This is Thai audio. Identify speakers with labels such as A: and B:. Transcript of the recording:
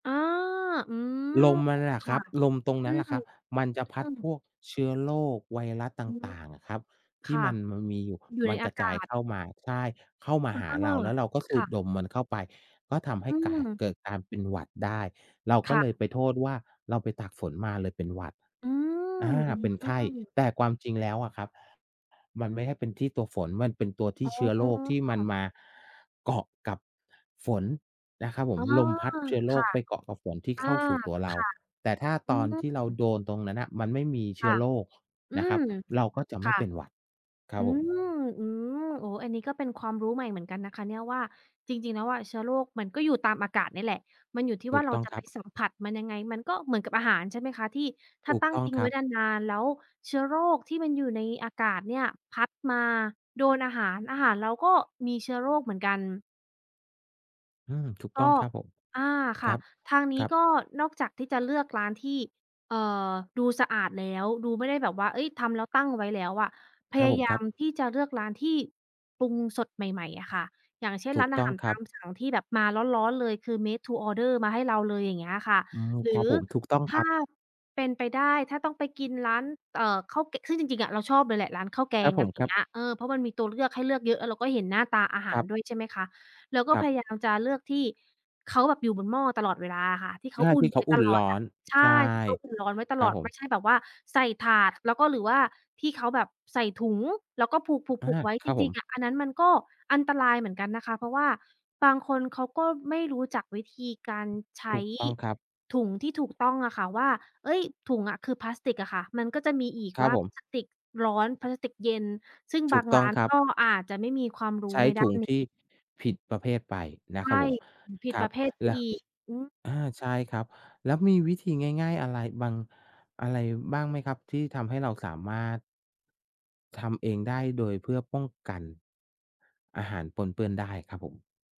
A: อา อืม
B: ลมมาเลยอ
A: ค
B: ะค
A: ่
B: ร
A: ะ
B: ับ ลมตรง
A: อ
B: น
A: ื
B: ั้นแ
A: ม
B: หละครับ มันจะ
A: ต
B: พ
A: อ
B: ั
A: ื
B: ดพ
A: ม
B: วกเชื้อโรค ไวรัสต
A: อือฮึ
B: ่าง ๆ อะครับ ท
A: ค
B: ี่
A: ่ะ
B: มัน มันมีอยู่
A: อยู่
B: ม
A: ใ
B: ั
A: น
B: น
A: อ
B: ก
A: า
B: ระ
A: ก
B: จ
A: า
B: าย
A: ศ
B: เข้ามา ใช่ เข้ามา
A: เออ
B: หาเรา แล้วเราก็ส
A: ค
B: ู
A: ่
B: ด
A: ะ
B: ดมมันเข้าไป ก็ทำให้
A: อื
B: การ
A: ม
B: เกิดการเป็นหวัดได้ เรา
A: ค
B: ก็
A: ่ะ
B: เลยไปโทษว่าเราไปตากฝนมาเลยเป็นหวัด
A: อื
B: อ
A: ม
B: า
A: อื
B: เป็นไข้
A: อ
B: แต่ความจริงแล้วอะครับ มันไม่ใช่เป็นที่ตัวฝน มันเป็นตัวที่
A: อ
B: เชื้อโรคที่มัน
A: ๋อ
B: มาเกาะกับฝนนะครับผ
A: อ๋
B: ม
A: อ
B: ลมพัดเชื้อโ
A: ค
B: ร
A: ่
B: ค
A: ะ
B: ไปเกาะ กับฝนที่
A: อ
B: เ
A: า
B: ข้าสู่ตัวเร
A: ค
B: า
A: ่ะ
B: แต่ถ้า
A: อื
B: ตอนที่เรา
A: ม
B: โดนตรงนั้นน่ะมันไม่มีเช
A: ค
B: ื้
A: ่
B: อ
A: ะ
B: โรค
A: อื
B: นะครั
A: ม
B: บ เราก็จะไม
A: ค
B: ่
A: ่ะ
B: เป็นหวัดครั
A: อ
B: บ
A: ื
B: ผม
A: ม อืม โอ้ อันนี้ก็เป็นความรู้ใหม่เหมือนกันนะคะเนี่ย ว่าจริง ๆ แล้วอะเชื้อโรคมันก็อยู่ตามอากาศเนี่ยแหละ มันอยู่ที่
B: ถ
A: ว่
B: ู
A: า
B: ก
A: เร
B: ต
A: า
B: ้อง
A: จะ
B: คร
A: ไป
B: ับ
A: สัมผัสมันยังไง มันก็เหมือนกับอาหาร ใช่ไหมคะ ที่ถ้
B: ถ
A: า
B: ูก
A: ตั้ง
B: ต้อ
A: ท
B: ง
A: ิ้ง
B: ค
A: ไ
B: ร
A: ว
B: ั
A: ้
B: บ
A: นาน ๆ แล้วเชื้อโรคที่มันอยู่ในอากาศเนี่ยพัดมาโดนอาหาร อาหารเราก็มีเชื้อโรคเหมือนกัน
B: อืม ถูก
A: ก
B: ต
A: ็
B: ้องครับผม
A: อา
B: ค
A: ค่
B: รั
A: ะ
B: บ
A: ทางนี
B: คร
A: ้
B: ับ
A: ก็นอกจากที่จะเลือกร้านที่ เอ่อ ดูสะอาดแล้ว ดูไม่ได้แบบว่า เอ๊ย ทำแล้วตั้งเอาไว้แล้วอะ พ
B: คร
A: ย
B: ับ
A: า
B: ผม
A: ยา
B: ครั
A: ม
B: บ
A: ที่จะเลือกร้านที่ปรุงสดใหม่ ๆ อะค่ะ อย่างเช่น
B: ถู
A: ร้
B: ก
A: านอ
B: ต
A: า
B: ้
A: ห
B: อ
A: า
B: ง
A: ร
B: ค
A: ต
B: รั
A: า
B: บ
A: มสั่งที่แบบมาร้อน ๆ เลย คือ made to order มาให้เราเลย อย่างเงี้ยอะค่ะ
B: อืม
A: หรื
B: ครับ
A: อ
B: ผม ถูกต้อง
A: ถ
B: ค
A: ้
B: รั
A: า
B: บ
A: เป็นไปได้ ถ้าต้องไปกินร้าน เอ่อ ข้าวแกะ ซึ่งจริง ๆ อะ เราชอบเลยแหละร้านข้าวแก
B: ครั
A: ง
B: บผ
A: อั
B: ม
A: นเ
B: ครั
A: น
B: บ
A: ี้ย เออ เพราะมันมีตัวเลือกให้เลือกเยอะ แล้วเราก็เห็นหน้าตาอาห
B: ค
A: า
B: ร
A: ร
B: ับ
A: ด้วย ใช่ไหมคะ แล้วก็
B: ครั
A: พ
B: บ
A: ยายามจะเลือกที่เขาแบบอยู่บนหม้อตลอดเวลาอะค่ะ ที่เ
B: ใ
A: ข
B: ช
A: า
B: ่
A: อุ่
B: ที
A: น
B: ่เข
A: ไว
B: า
A: ้
B: อุ
A: ต
B: ่น
A: ลอ
B: ร้
A: ด
B: อ
A: อะ
B: น
A: ใช่
B: ใช่
A: ที่เขาอุ่นร้อนไว้ต
B: คร
A: ล
B: ับ
A: อด
B: ผ
A: ไม่
B: ม
A: ใช่แบบว่าใส่ถาด แล้วก็ หรือว่าที่เขาแบบใส่ถุง แล้วก็ผูก
B: อ
A: ๆ
B: า
A: ผูกไว้
B: ค
A: จ
B: รับผ
A: ริง
B: ม
A: ๆ อะ อันนั้นมันก็อันตรายเหมือนกันนะคะ เพราะว่าบางคนเขาก็ไม่รู้จักวิธีการใช
B: ถ
A: ้
B: ูกต้องครับ
A: ถุงที่ถูกต้องอะค่ะว่า เอ๊ย ถุงอะ คือพลาสติกอะค่ะ มันก็จะมีอีก
B: ครั
A: ว
B: บ
A: ่า
B: ผม
A: พลาสติกร้อน พลาสติกเย็น ซึ่ง
B: ถ
A: บ
B: ู
A: า
B: ก
A: ง
B: ต
A: ร
B: ้อ
A: ้
B: ง
A: าน
B: ครั
A: ก
B: บ
A: ็อาจจะไม่มีความร
B: ใ
A: ู
B: ช
A: ้
B: ้
A: ใน
B: ถ
A: ด้า
B: ุง
A: นน
B: ท
A: ี
B: ี่
A: ้
B: ผิดประเภทไปนะ
A: ใช
B: ครั
A: ่
B: บผม
A: ผิด
B: คร
A: ป
B: ับ
A: ระเภทไป
B: แล้ว
A: อีก อืม
B: อา ใช่ครับ แล้วมีวิธีง่าย ๆ อะไรบาง อะไรบ้างไหมครับที่ทำให้เราสามารถ ทำเองได้โดยเพื่อป้องกัน อาหารปนเปื้อนได้ครับผม?